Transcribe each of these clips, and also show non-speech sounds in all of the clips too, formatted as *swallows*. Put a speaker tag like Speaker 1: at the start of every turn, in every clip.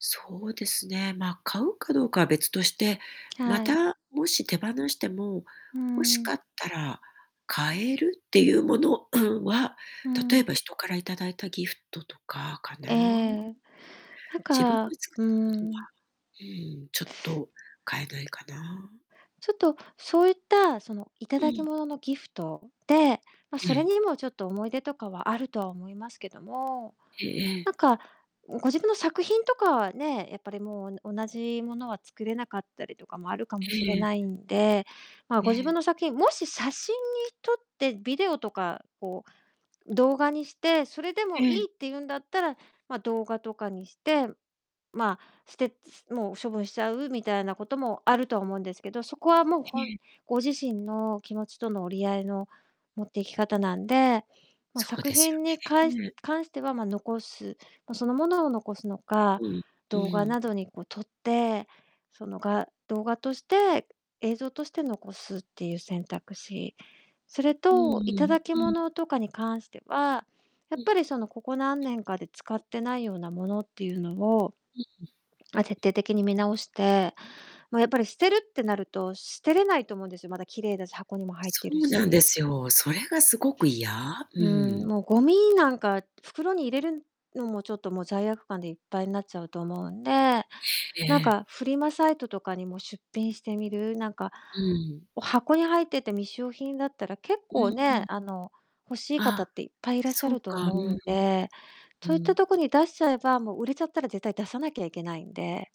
Speaker 1: そうですね、ま、買うかどうかは別として、ま
Speaker 2: はい。
Speaker 1: た、もし手放しても
Speaker 2: うー
Speaker 1: 欲し
Speaker 2: ん。
Speaker 1: かったら買えるっていうもの *clears throat* は、
Speaker 2: う
Speaker 1: 例え
Speaker 2: ん。
Speaker 1: ば人からいただいたギフトとかか
Speaker 2: え
Speaker 1: な。
Speaker 2: え。なん
Speaker 1: 自分が
Speaker 2: かう
Speaker 1: 作
Speaker 2: ー
Speaker 1: ったことは、
Speaker 2: ん。
Speaker 1: うーん、ちょっと買えないかな。
Speaker 2: ちょっと、そういった、その、
Speaker 1: う
Speaker 2: 頂き
Speaker 1: ん。
Speaker 2: 物のギフトで、ま、そ
Speaker 1: え
Speaker 2: れ
Speaker 1: え。
Speaker 2: にもちょっと思い出とかはあるとは思いますけども、
Speaker 1: へ、え
Speaker 2: な
Speaker 1: え。
Speaker 2: んか、ん、ご自分の作品とかはね、やっぱりもうおな同じものは作れなかったりとかもあるかもしれ
Speaker 1: ええ。
Speaker 2: ないんで、ま、
Speaker 1: え
Speaker 2: ご自分
Speaker 1: え。
Speaker 2: の作品、もし写真に撮ってビデオとかを動画にして、それでもい
Speaker 1: え
Speaker 2: い
Speaker 1: え。
Speaker 2: って言うんだったら、ま、動画とかにして、ま、捨てもう処分しちゃうみたいなこともあるとは思うんですけど、そこはもう
Speaker 1: え
Speaker 2: 本
Speaker 1: え。
Speaker 2: ご自身の気持ちとの折り合いの持っていき方なんで、ま、
Speaker 1: そう
Speaker 2: 作
Speaker 1: です
Speaker 2: 品にか
Speaker 1: よ
Speaker 2: い
Speaker 1: ね。
Speaker 2: 関しては、ま、残す、ま、そのものを残すの
Speaker 1: う
Speaker 2: か、
Speaker 1: ん。う
Speaker 2: 動画
Speaker 1: ーん。
Speaker 2: などにこう撮って、その、画動画として、映像として残すっていう選択肢。それ
Speaker 1: うんう
Speaker 2: と
Speaker 1: ん
Speaker 2: 頂き
Speaker 1: うん。うん。
Speaker 2: 物とかに関しては、や
Speaker 1: う
Speaker 2: っ
Speaker 1: ん。
Speaker 2: ぱり、その、ここ何年かで使ってないようなものっていうのを、
Speaker 1: うんう
Speaker 2: *swallows* ま、徹
Speaker 1: ん。
Speaker 2: 底的に見直して。ま、やっぱり捨てるってなると捨てれないと思うんですよ。まだ綺麗だし、箱にも入っ
Speaker 1: そ
Speaker 2: てる
Speaker 1: うなん
Speaker 2: し。
Speaker 1: ですよ、それがすごく嫌。う
Speaker 2: うー
Speaker 1: ー
Speaker 2: ん、
Speaker 1: ん。
Speaker 2: もうゴミなんか袋に入れるのも、ちょっともう罪悪感でいっぱいになっちゃうと思うんで、
Speaker 1: え
Speaker 2: なん
Speaker 1: え。
Speaker 2: か、フリマサイトとかにも出品してみる。なんか、
Speaker 1: うーん。
Speaker 2: お箱に入ってて未使用品だったら結
Speaker 1: う
Speaker 2: 構
Speaker 1: んう
Speaker 2: ね、
Speaker 1: ん。
Speaker 2: あの、欲しい方
Speaker 1: あ、
Speaker 2: っていっぱいいらっしゃ
Speaker 1: そう
Speaker 2: ると
Speaker 1: か。うん
Speaker 2: 思う
Speaker 1: うん。
Speaker 2: んで、
Speaker 1: う
Speaker 2: そういっ
Speaker 1: ー
Speaker 2: た
Speaker 1: ん。
Speaker 2: とこに出しちゃえば、もう売れちゃったら絶対出さなきゃいけないんで。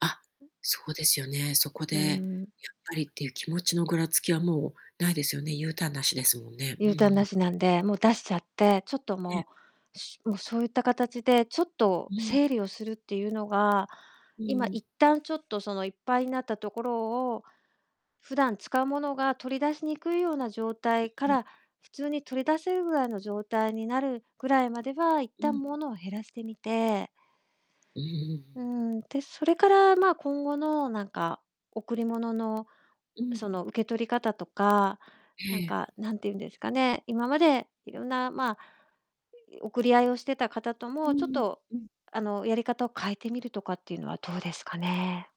Speaker 1: あ、そうですよね、そこで、
Speaker 2: うー
Speaker 1: や
Speaker 2: ん。
Speaker 1: っぱりっていう気持ちのぐらつきは、もうないですよね。ユーターンなしですもんね。うん
Speaker 2: U
Speaker 1: う
Speaker 2: ターンな
Speaker 1: ん。
Speaker 2: しなんで、もう出しちゃって、ちょっと
Speaker 1: ええ。
Speaker 2: もう、しもうそういった形でちょっと
Speaker 1: うん。
Speaker 2: 整理をするっていうのが、
Speaker 1: う
Speaker 2: 今
Speaker 1: ーん。
Speaker 2: 一旦ちょっと、その、いっぱいになったところを、普段使うものが取り出しにくいような状
Speaker 1: う、
Speaker 2: 態か
Speaker 1: うん。
Speaker 2: ら普通に取り出せるぐらいの状態になるぐらいまでは、いっ
Speaker 1: う
Speaker 2: たん
Speaker 1: ん。
Speaker 2: ものを減らしてみて。
Speaker 1: うんうんう
Speaker 2: うー
Speaker 1: ん。
Speaker 2: ん、で、それから、ま、今後の、なんか、贈り物の、
Speaker 1: うん。
Speaker 2: その、受け取り方とか、なん
Speaker 1: ええ。
Speaker 2: か、何て言うんですかね、今までいろんな、まあ、送り合いをしてた方と
Speaker 1: うん
Speaker 2: も、ちょっ
Speaker 1: うん。
Speaker 2: と、
Speaker 1: うん。
Speaker 2: あの、やり方を変えてみるとかっていうのはどうですかね。